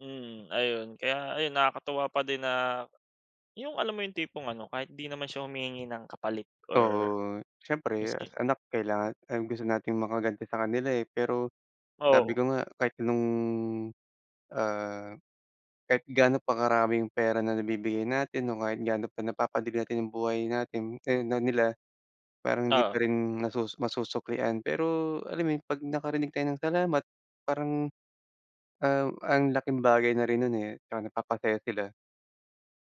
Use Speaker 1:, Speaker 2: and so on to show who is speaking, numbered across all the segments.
Speaker 1: Mm. Ayun. Kaya ayun, nakakatuwa pa din na, yung alam mo yung tipong ano, kahit di naman siya humihingi ng kapalit or
Speaker 2: Oo. Siyempre as
Speaker 1: maski
Speaker 2: anak kailangan ang gusto nating makaganti sa kanila, eh. Pero sabi
Speaker 1: Oo.
Speaker 2: ko nga, kahit nung, ah, kahit gaano pa karaming pera na nabibigay natin o kahit gaano pa napapadali natin yung buhay natin, ay, na nila, parang hindi
Speaker 1: Oo.
Speaker 2: pa rin nasusu masusuklian. Pero, alam mo yun, pag nakarinig tayo ng salamat, parang, ah, ang laking bagay na rin nun, eh, at saka napapasaya sila.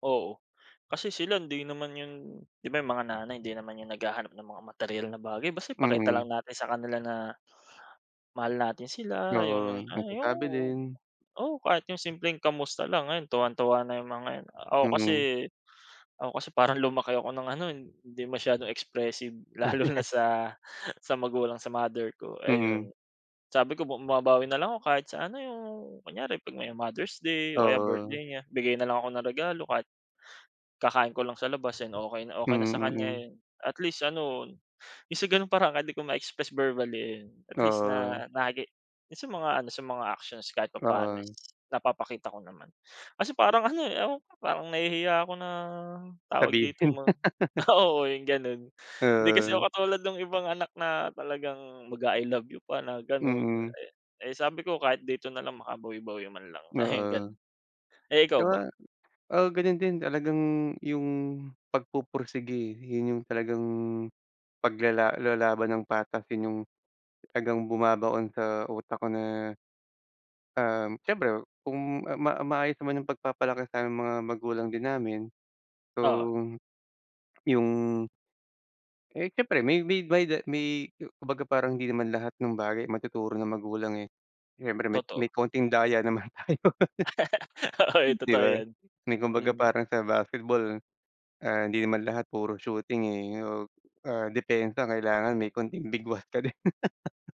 Speaker 1: Oo. Kasi sila hindi naman yun, 'di ba yung mga nanay hindi naman yun naghahanap na mga materyal na bagay, basta ipakita lang
Speaker 2: Mm.
Speaker 1: natin sa kanila na, mahal natin sila, yung,
Speaker 2: Oo.
Speaker 1: ah, yung
Speaker 2: Nagsasabi din.
Speaker 1: oo kahit yung simpleng kamusta lang, ayon tuwang-tuwa na yung mga yun. Ako kasi
Speaker 2: Mm.
Speaker 1: ako kasi parang lumaki ako ng ano, eh, hindi masyadong expressive. Lalo na sa sa magulang, sa mother ko,
Speaker 2: Mm.
Speaker 1: ayon. Sabi ko bumabawi na lang ako kahit sa ano yung, kunyari pag may Mother's Day, o kaya
Speaker 2: Oo.
Speaker 1: birthday niya, bigay na lang ako ng regalo kahit, kakain ko lang sa labas yan okey na, okey na sa
Speaker 2: Mm,
Speaker 1: kanya
Speaker 2: mm.
Speaker 1: yun. At least ano, yung sa ganun paraan kahit di ko ma-express verbally eh, ayun, at least
Speaker 2: Oo.
Speaker 1: na na ge yung sa mga ano, sa mga actions kahit papaano is
Speaker 2: Oo.
Speaker 1: napapakita ko naman. Kasi parang ano, eh, ewan ko ba, parang nahihiya ako na, tawag dito,
Speaker 2: Sabihin.
Speaker 1: ma oo, yung ganun. Hindi kasi
Speaker 2: Oo.
Speaker 1: ako katulad nung ibang anak na talagang mag-a-I love you pa na ganon.
Speaker 2: Mm.
Speaker 1: Eh eh, sabi ko, "Kahit dito nalang makabawi-bawi man lang." Ayun ganun.
Speaker 2: Oo.
Speaker 1: Eh, ikaw ba?
Speaker 2: Tsaka, ah, ganun din talagang yung pagpupursigi yun yung talagang, paglala lalaban ng patas yun yung talagang bumabaon sa utak ko na, um, siyempre kung ah, ma maayos naman yung pagpapalaki sa mga magulang din namin, so,
Speaker 1: Oo.
Speaker 2: yung Eh, siyempre may may da may ku kumbaga parang hindi naman lahat ng bagay matuturo ng magulang, eh. Siyempre may may
Speaker 1: Totoo.
Speaker 2: konting daya naman tayo.
Speaker 1: Oo.
Speaker 2: 'Di
Speaker 1: Totoo
Speaker 2: ba?
Speaker 1: yan.
Speaker 2: May kumbaga
Speaker 1: Mm.
Speaker 2: parang sa basketball, ah, hindi naman lahat puro shooting, eh, o, ah, depensa ang kailangan may konting bigwas ka din.